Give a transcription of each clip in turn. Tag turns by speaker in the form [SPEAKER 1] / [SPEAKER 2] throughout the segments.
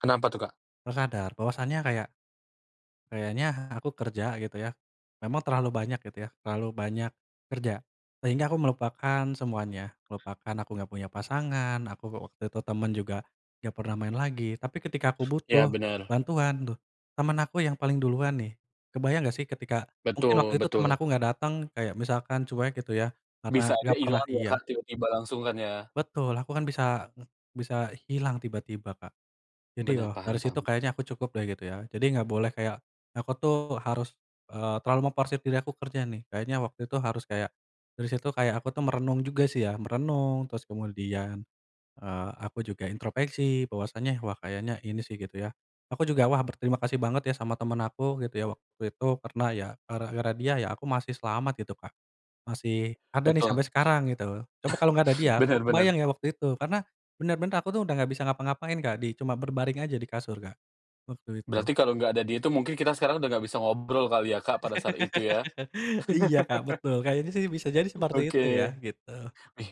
[SPEAKER 1] Kenapa tuh, Kak?
[SPEAKER 2] Terus sadar bahwasannya kayak, kayaknya aku kerja gitu ya, memang terlalu banyak gitu ya, terlalu banyak, kerja. Sehingga aku melupakan semuanya, melupakan aku enggak punya pasangan aku, eee, waktu itu temen juga, enggak pernah main lagi tapi ketika aku
[SPEAKER 1] Iya
[SPEAKER 2] butuh
[SPEAKER 1] benar.
[SPEAKER 2] bantuan tuh, temen aku yang paling duluan nih. Kebayang enggak sih, ketika mungkin waktu
[SPEAKER 1] Betul
[SPEAKER 2] itu temen
[SPEAKER 1] betul.
[SPEAKER 2] aku enggak datang kayak misalkan cuek gitu ya, karena
[SPEAKER 1] Bisa aja
[SPEAKER 2] enggak pernah
[SPEAKER 1] ilang ya Kak
[SPEAKER 2] iya.
[SPEAKER 1] tiba-tiba langsung kan ya.
[SPEAKER 2] Betul aku kan bisa ng bisa hilang tiba-tiba Kak, jadi ya
[SPEAKER 1] Benar
[SPEAKER 2] dari
[SPEAKER 1] paham
[SPEAKER 2] situ
[SPEAKER 1] paham.
[SPEAKER 2] kayaknya aku cukup deh gitu ya jadi enggak boleh kayak, aku tuh harus, eee, terlalu memforsir diri aku kerja nih kayaknya waktu itu harus kayak, dari situ kayak aku tuh merenung juga sih ya, merenung terus kemudian, eee, aku juga introspeksi bahwasanya wah kayaknya ini sih gitu ya. Aku juga wah berterima kasih banget ya sama temen aku gitu ya waktu itu karena ya gara-gara dia ya aku masih selamat gitu Kak, masih ada nih
[SPEAKER 1] Betul.
[SPEAKER 2] sampai sekarang gitu. Coba kalau enggak ada dia aku
[SPEAKER 1] Bener bener.
[SPEAKER 2] kebayang ya waktu itu karena bener-bener aku tuh udah enggak bisa ngapa-ngapain Kak, di cuma berbaring aja di kasur Kak, waktu itu.
[SPEAKER 1] Berarti kalau enggak ada dia tuh mungkin kita sekarang udah enggak bisa ngobrol kali ya Kak, pada saat itu ya.
[SPEAKER 2] Iya Kak betul kayaknya sih bisa jadi seperti
[SPEAKER 1] Oke,
[SPEAKER 2] itu ya, gitu.
[SPEAKER 1] wih,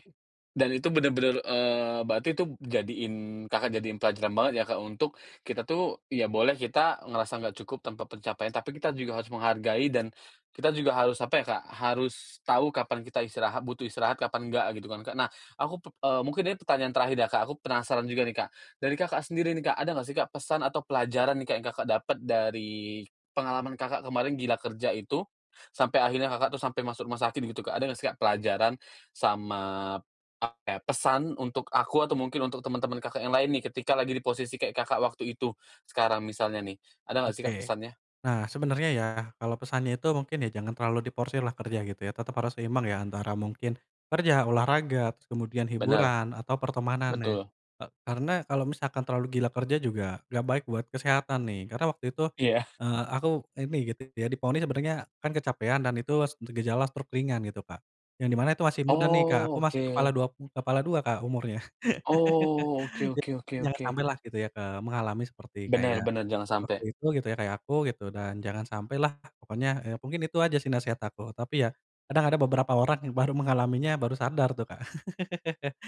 [SPEAKER 1] dan itu bener-bener, eee, berarti tuh jadiin Kakak jadiin pelajaran banget ya Kak, untuk, kita tuh ya boleh kita ngerasa enggak cukup tanpa pencapaian tapi kita juga harus menghargai dan, kita juga harus apa ya Kak, harus tahu kapan kita istirahat, butuh istirahat, kapan enggak gitu kan Kak nah aku pep eee, mungkin ini pertanyaan terakhir ya Kak, aku penasaran juga nih Kak, dari Kakak, sendiri nih Kak ada enggak sih Kak pesan atau pelajaran nih Kak yang Kakak dapet dari pengalaman Kakak kemarin gila kerja itu, sampai akhirnya Kakak tuh sampai masuk rumah sakit gitu Kak ada enggak sih Kak pelajaran, sama apa ya pesan untuk aku atau mungkin untuk teman-teman Kakak yang lain nih ketika lagi di posisi kayak Kakak waktu itu, sekarang misalnya nih, ada enggak sih Kak
[SPEAKER 2] Oke.
[SPEAKER 1] pesannya?
[SPEAKER 2] Nah, sebenarnya ya, kalau pesannya itu mungkin ya jangan terlalu diforsirlah kerja gitu ya tetap harus seimbang ya antara mungkin, kerja, olahraga terus kemudian
[SPEAKER 1] Benar.
[SPEAKER 2] hiburan atau pertemanan nih,
[SPEAKER 1] Betul.
[SPEAKER 2] eee, karena kalau misalkan terlalu gila kerja juga enggak baik buat kesehatan nih karena waktu itu,
[SPEAKER 1] Iya.
[SPEAKER 2] eee, aku ini gitu ya, divonis sebenarnya kan kecapean dan itu s gejala stroke ringan gitu Kak. Yang di mana itu masih muda nih Kak,
[SPEAKER 1] Oh,
[SPEAKER 2] aku masih kepala
[SPEAKER 1] oke.
[SPEAKER 2] 2 pu kepala 2 Kak umurnya.
[SPEAKER 1] Oh, oke
[SPEAKER 2] Jadi
[SPEAKER 1] oke oke
[SPEAKER 2] jangan
[SPEAKER 1] oke.
[SPEAKER 2] sampailah gitu ya, eee, mengalami seperti
[SPEAKER 1] Bener
[SPEAKER 2] kayak,
[SPEAKER 1] bener jangan
[SPEAKER 2] waktu
[SPEAKER 1] sampai.
[SPEAKER 2] itu gitu ya kayak aku gitu, dan jangan sampailah pokoknya, eee, mungkin itu aja sih nasehat aku tapi ya, kadang ada beberapa orang yang baru mengalaminya, baru sadar tuh Kak.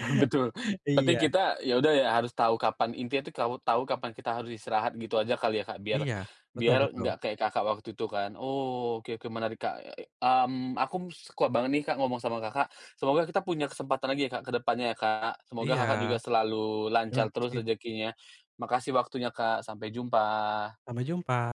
[SPEAKER 1] Betul, berarti
[SPEAKER 2] Iya.
[SPEAKER 1] kita ya udah ya harus tahu kapan, intinya tuh kawu tahu kapan kita harus istirahat gitu aja kali ya Kak, biar,
[SPEAKER 2] Iya, betul
[SPEAKER 1] biar
[SPEAKER 2] betul.
[SPEAKER 1] enggak kayak Kakak waktu itu kan oh oke oke menarik Kak, eee i mmm, aku suka banget nih Kak ngomong sama Kakak, semoga kita punya kesempatan lagi ya Kak ke depannya ya Kak semoga
[SPEAKER 2] Iya,
[SPEAKER 1] Kakak juga selalu
[SPEAKER 2] terima
[SPEAKER 1] lancar terus
[SPEAKER 2] kasih.
[SPEAKER 1] rezekinya, makasih waktunya Kak, sampai jumpa.
[SPEAKER 2] Sampai jumpa.